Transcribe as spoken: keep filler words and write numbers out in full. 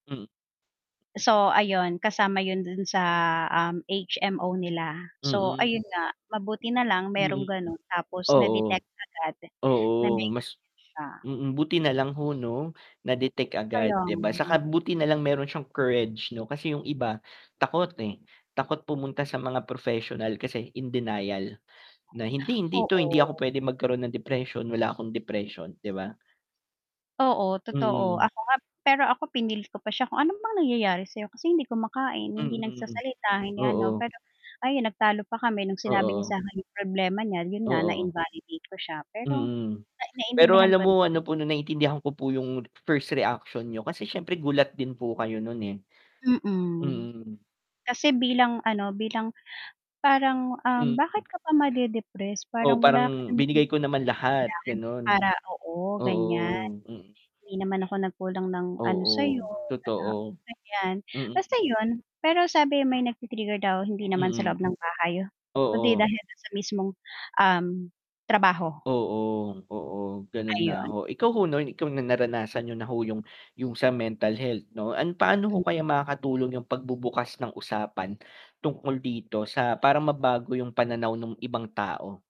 Mm. So ayun kasama yun dun sa, um, H-M-O nila, so Mm. ayun nga, mabuti nalang merong Mm, ganon tapos oo. na-detect agad na Oo, may ganyan mas s'ya. mm, buti nalang ho, 'no, na-detect agad, Kaya 'di ba, saka nga. buti nalang meron siyang courage, 'no, kasi yung iba takot, eh, takot pumunta sa mga professional kasi in denial, na, "Hindi, hindi ito hindi ako Oo. pwede magkaroon ng depression, wala akong depression.", 'di ba? Oo, totoo, Mm. ako nga pero ako pinilit ko pa siya kung ano bang nangyayari sayo, kasi hindi kumakain, hindi Mm, nagsasalita, hindi ano oo. pero ayun, nagtalo pa kami nung sinabi niya Oo. sakin yung problema niya, yun nga Oo. na-invalidate ko siya pero Mm, na pero naiintindihan alam ko. mo ano po, 'no, naiintindihan ko po yung first reaction niyo kasi syempre gulat din po kayo nun, eh. Mm, Mm. kasi bilang, ano, bilang parang, um, bakit Mm. ka pa made-depress Oo, parang wala ka parang namang binigay ko dahilan naman lahat, ganon. para oo, ganyan, Oo, mm. hindi naman ako nagkulang ng, ano, sayo, Oo, ah, totoo, ganyan, basta mm. yun pero sabi may nagti-trigger daw hindi naman sa Mm, loob ng bahay kundi oo. dahil sa mismong, um, trabaho. Oo, oo. Ganun nga Ayon. ho, ikaw ho, 'no, ikaw na naranasan nyo na ho 'yung yung sa mental health 'no, an paano ho Mm. kaya makakatulong yung pagbubukas ng usapan tungkol dito sa para mabago yung pananaw nung ibang tao?